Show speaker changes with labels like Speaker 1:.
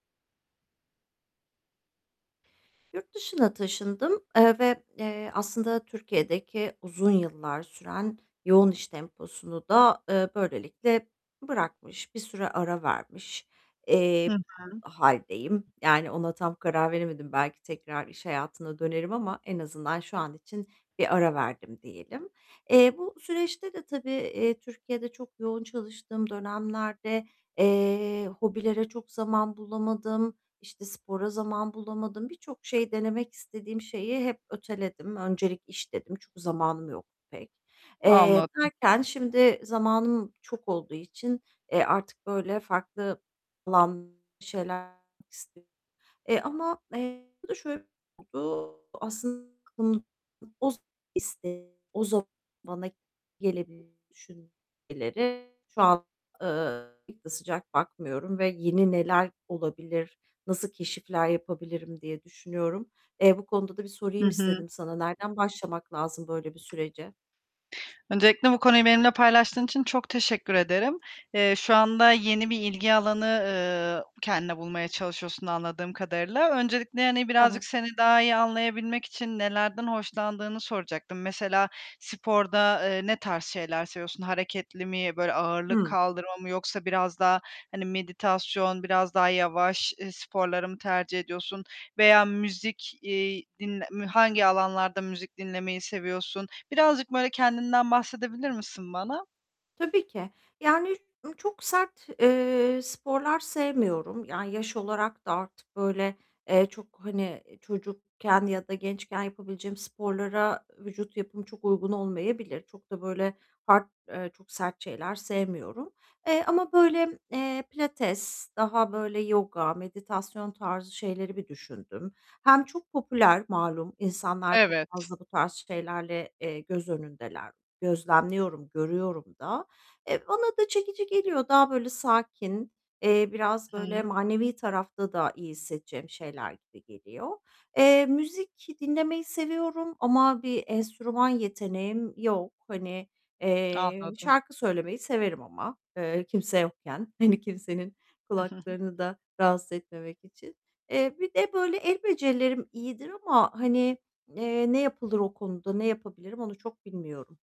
Speaker 1: Yurt dışına taşındım, eee, ve, eee, aslında Türkiye'deki uzun yıllar süren yoğun iş temposunu da, eee, böylelikle bırakmış, bir süre ara vermiş,
Speaker 2: Hı
Speaker 1: eee,
Speaker 2: hı.
Speaker 1: hâldeyim. Yani ona tam karar veremedim. Belki tekrar iş hayatına dönerim ama en azından şu an için bir ara verdim diyelim. Eee, bu süreçte de tabii, eee, Türkiye'de çok yoğun çalıştığım dönemlerde, eee, hobilere çok zaman bulamadım. İşte, spora zaman bulamadım. Birçok şey denemek istediğim şeyi hep öteledim. Öncelik iş dedim. Çünkü zamanım yoktu pek. Eee,
Speaker 2: Anladım.
Speaker 1: derken şimdi zamanım çok olduğu için, eee, artık böyle farklı lan [unintelligible] şeyler [unintelligible] isti. [unintelligible] Eee, ama, eee, bu da şöyle oldu [unintelligible] aslın [unintelligible] iste o zaman bana gelebilir düşün [unintelligible] şu an, ııı, pek de sıcak bakmıyorum ve yeni neler olabilir, nasıl keşifler yapabilirim diye düşünüyorum. Eee, bu konuda da bir
Speaker 2: Hı
Speaker 1: sorayım
Speaker 2: hı.
Speaker 1: istedim sana. Nereden başlamak lazım böyle bir sürece?
Speaker 2: Öncelikle bu konuyu benimle paylaştığın için çok teşekkür ederim. Eee, şu anda yeni bir ilgi alanı, ııı, kendine bulmaya çalışıyorsun anladığım kadarıyla. Öncelikle, hani, birazcık
Speaker 1: Evet.
Speaker 2: seni daha iyi anlayabilmek için nelerden hoşlandığını soracaktım. Mesela sporda, eee, ne tarz şeyler seviyorsun? Hareketli mi, böyle, ağırlık
Speaker 1: Hı.
Speaker 2: kaldırma mı yoksa biraz daha, hani, meditasyon, biraz daha yavaş, ııı, sporları mı tercih ediyorsun? Veya müzik, iii, dinle m hangi alanlarda müzik dinlemeyi seviyorsun? Birazcık böyle kendinden bahsedebilir misin bana?
Speaker 1: Tabii ki. Yani, ı çok sert, eee, sporlar sevmiyorum. Yani, yaş olarak da artık böyle, eee, çok, hani, çocukken ya da gençken yapabileceğim sporlara vücut yapım çok uygun olmayabilir. Çok da böyle hard, eee, çok sert şeyler sevmiyorum. Eee, ama böyle, eee, pilates daha böyle yoga, meditasyon tarzı şeyleri bir düşündüm. Hem çok popüler, malum, insanlar çok
Speaker 2: Evet.
Speaker 1: fazla bu tarz şeylerle, eee, göz önündeler. Gözlemliyorum, görüyorum da. E, bana da çekici geliyor. Daha böyle sakin, eee, biraz böyle
Speaker 2: Hıı.
Speaker 1: manevi tarafta da iyi hissedeceğim şeyler gibi geliyor. Eee, müzik dinlemeyi seviyorum ama bir enstrüman yeteneğim yok. Hani, eee,
Speaker 2: Anladım.
Speaker 1: şarkı söylemeyi severim ama, eee, kimse yokken. Hani, kimsenin kulaklarını da rahatsız etmemek için. Eee, bir de böyle el becerilerim iyidir ama, hani, eee, ne yapılır o konuda ne yapabilirim onu çok bilmiyorum.